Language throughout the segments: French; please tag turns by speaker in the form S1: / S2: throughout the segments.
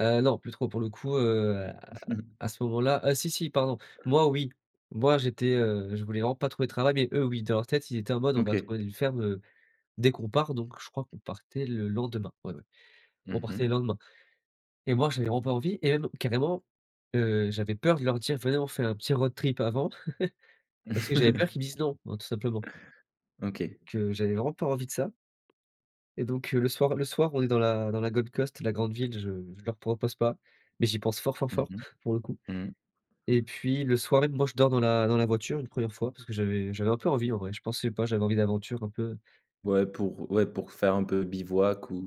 S1: Heu, non, plus trop, pour le coup, heu, à à ce moment-là ah si, si, pardon, moi oui, moi j'étais, heu, je voulais vraiment pas trouver de travail, mais eux, oui, dans leur tête, ils étaient en mode: «On va
S2: OK.
S1: trouver une ferme, heu, dès qu'on part», donc je crois qu'on partait le lendemain, oui, oui, on
S2: Mmh
S1: partait le
S2: mh.
S1: lendemain. Et moi, j'avais vraiment pas envie, et même carrément, heu, j'avais peur de leur dire: «Venez, on fait un petit road trip avant», parce que j'avais peur qu'ils me disent non, hein, tout simplement. Donc
S2: OK.
S1: heu, j'avais vraiment pas envie de ça. Et donc, heu, le soir le soir, on est dans la dans la Gold Coast, la grande ville, je je leur propose pas, mais j'y pense fort, fort,
S2: Mmh
S1: fort,
S2: mh.
S1: pour le coup.
S2: Mmh.
S1: Et puis le soir et moi, je dors dans la dans la voiture une 1re fois parce que j'avais j'avais un peu envie en vrai, je pensais pas, j'avais envie d'aventure un peu
S2: Ouais pour ouais, pour faire un peu bivouac, ou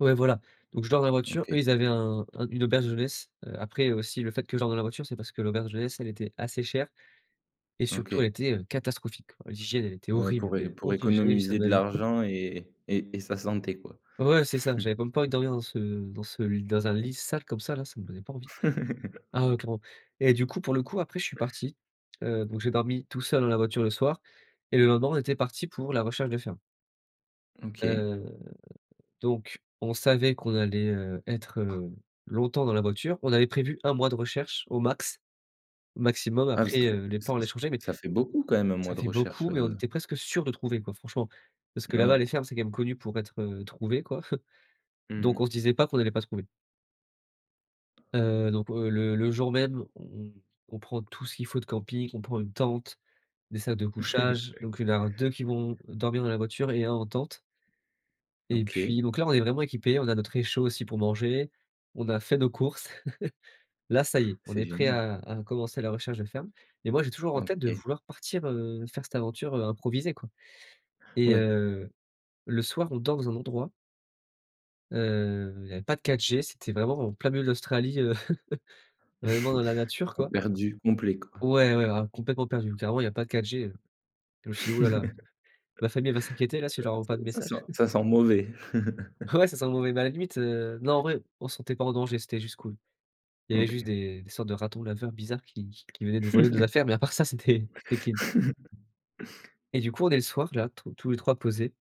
S1: ouais, voilà, donc je dors dans la voiture,
S2: OK.
S1: eux, ils avaient un un une auberge de jeunesse, heu. Après aussi le fait que je dorme dans la voiture, c'est parce que l'auberge de jeunesse, elle était assez chère et surtout elle
S2: OK.
S1: était, heu, catastrophique. L'hygiène elle était
S2: Ouais
S1: horrible,
S2: pour é
S1: mais
S2: pour
S1: horrible, j'ai jamais vu ça
S2: économiser
S1: de
S2: de
S1: ma vie
S2: l'argent et et et sa santé, quoi.
S1: ouais, c'est ça, j'avais même pas envie de dormir dans ce dans ce l dans un
S2: [unintelligible]
S1: lit sale comme ça là, ça me donnait pas envie. Ah heu, clairement. Et du coup, pour le coup, après, je suis parti, heu, donc j'ai dormi tout seul dans la voiture le soir et le lendemain, on était parti pour la recherche de ferme.
S2: OK.
S1: Heu, donc on savait qu'on allait, heu, être, heu, longtemps dans la voiture, on avait prévu 1 mois de recherche au max, maximum
S2: Ah bah, ça
S1: après,
S2: fait
S1: heu, les
S2: ce ç
S1: plans allaient changer mais
S2: ça fait beaucoup quand même 1
S1: ça
S2: mois de
S1: fait
S2: recherche,
S1: beaucoup mais on
S2: heu?
S1: était presque sûr de trouver, quoi, franchement. Parce que
S2: N
S1: là-bas,
S2: ouais.
S1: les fermes, c'est quand même connu pour être, heu, trouvé, quoi.
S2: Mmh
S1: Donc on
S2: mh.
S1: se disait pas qu'on n'allait pas trouver. Heu, donc heu, le le jour même, on on on prend tout ce qu'il faut de camping, on prend une tente, des sacs de couchage, donc il va y en avoir 2 qui vont dormir dans la voiture et 1 en tente et puis
S2: OK.
S1: donc là, on est vraiment équipés, on a notre réchaud aussi pour manger, on a fait nos courses. Là, ça y est, on
S2: C'est
S1: est prêt
S2: génial.
S1: à à commencer la recherche de ferme. Et moi, j'ai toujours en tête de
S2: OK.
S1: vouloir partir, heu, faire cette aventure, heu, improvisée, quoi. Et
S2: Oui.
S1: heu, le soir, on dort dans un endroit heu, il y avait pas de 4G, c'était vraiment en plein milieu de l'Australie, heu, vraiment dans la nature, quoi.
S2: Perdus complet, quoi.
S1: Ouais, ouais, ah complètement perdus. Carrément, il y a pas de 4G, heu, je me suis dit: «Oh là là, ma famille elle va s'inquiéter là, si je leur envoie pas de
S2: Ça ça
S1: message».
S2: sent ça sent mauvais.
S1: Ouais, ça sent le mauvais mais à la limite, heu, non en vrai, on se sentait pas en danger, c'était juste cool. Il y avait juste
S2: OK.
S1: des des sortes de ratons laveurs bizarres qui qui venaient nous voler nos affaires, mais à part ça, c'était c'était clean. Et du coup, on est le soir là, tous tous les 3 posés.